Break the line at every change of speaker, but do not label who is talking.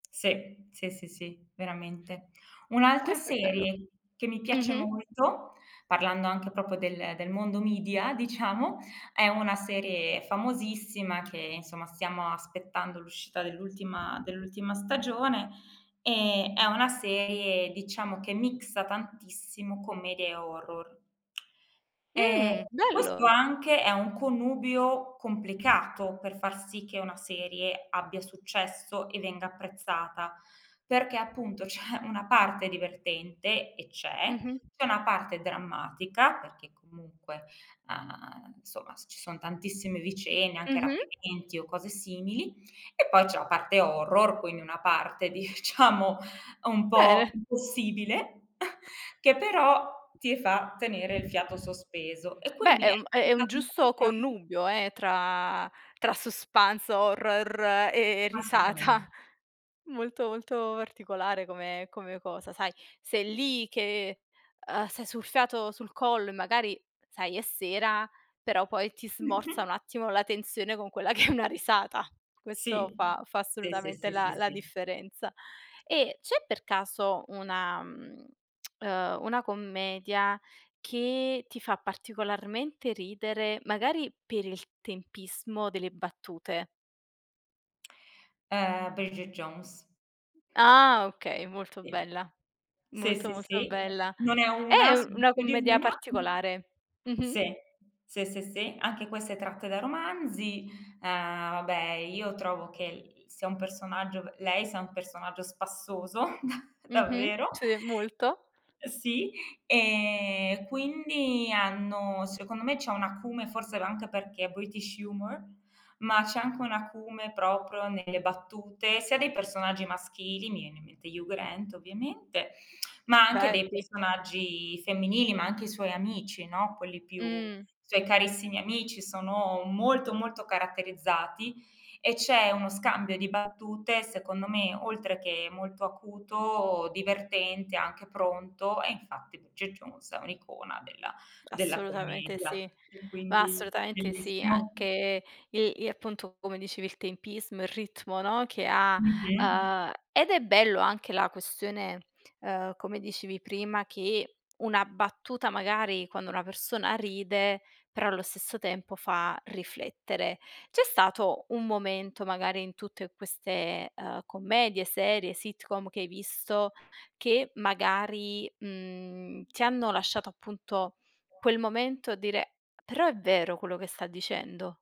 Se. Se, se, sì, veramente. Un'altra
Questo è bello.
serie che mi
Mh
piace
mh.
molto, parlando anche proprio del del mondo media, diciamo, è una serie famosissima che insomma stiamo aspettando l'uscita dell'ultima dell'ultima stagione e è una serie diciamo che mixa tantissimo commedia e horror. Ehm,
Mh.
questo
Bello.
anche è un connubio complicato per far sì che una serie abbia successo e venga apprezzata, perché appunto c'è una parte divertente, e c'è,
Mh-mh.
c'è una parte drammatica, perché comunque, uhm, insomma s ci son tantissime vicende anche
Mh-mh.
rapimenti o cose simili, e poi c'è la parte horror quindi una parte diciamo un po'
Bene.
impossibile, che però ti fa tenere il fiato sospeso e
Beh,
quindi
ehm, è è un giusto
[unintelligible]
connubio eh tra tra suspance, horror e
Assolutamente.
risata. Molto molto particolare come come cosa, sai. Sei lì che, ehm, sai sul fiato sul collo e magari sai è sera, però poi ti smorza
Mh-mh.
un attimo la tensione con quella che è una risata. Questo
Sì.
fa fa
Sì, sì,
assolutamente
sì, sì,
la la
sì.
differenza. E c'è per caso una mhmm, ehm, una commedia che ti fa particolarmente ridere magari per il tempismo delle battute?
Ehm, Bridget Jones.
Ah okay, molto bella.
Sì,
Molto
sì,
molto
sì.
bella.
Non è 1,
È u
sono
una
più di
commedia
1.
particolare. Mh-mh.
Se. Se, se, se, anche queste tratte da romanzi. Uhm, vabbè io trovo che i sia un personaggio lei sia un personaggio spassoso, da
Mh-mh.
davvero.
Sì, molto.
Ehm, sì. Ehm, quindi hanno secondo me c'è un acume, forse l anche perché è British Humor, ma c'è anche un acume proprio nelle battute, sia dei personaggi maschili, mi viene in mente Hugh Grant ovviamente, ma anche
Beh,
dei
sì.
personaggi femminili, ma anche i suoi amici, no, quelli più
Mh.
i suoi carissimi amici sono molto, molto caratterizzati. E c'è uno scambio di battute secondo me oltre che molto acuto, divertente, anche pronto, e infatti Bridget Jones è un'icona della della
Assolutamente
commedia.
sì,
E
ma
quindi
assolutamente sì,
bellissimo.
anche il i appunto, come dicevi il tempismo, il ritmo, no, che ha
Mh-mh.
uhm, ed è bello anche la questione, uhm, come dicevi prima, che una battuta magari quando una persona ride però allo stesso tempo fa riflettere. C'è stato un momento magari in tutte queste, uhm, commedie, serie, sitcom che hai visto, che magari, mhmm, ti hanno lasciato appunto quel momento a dire: "Però è vero quello che sta dicendo"?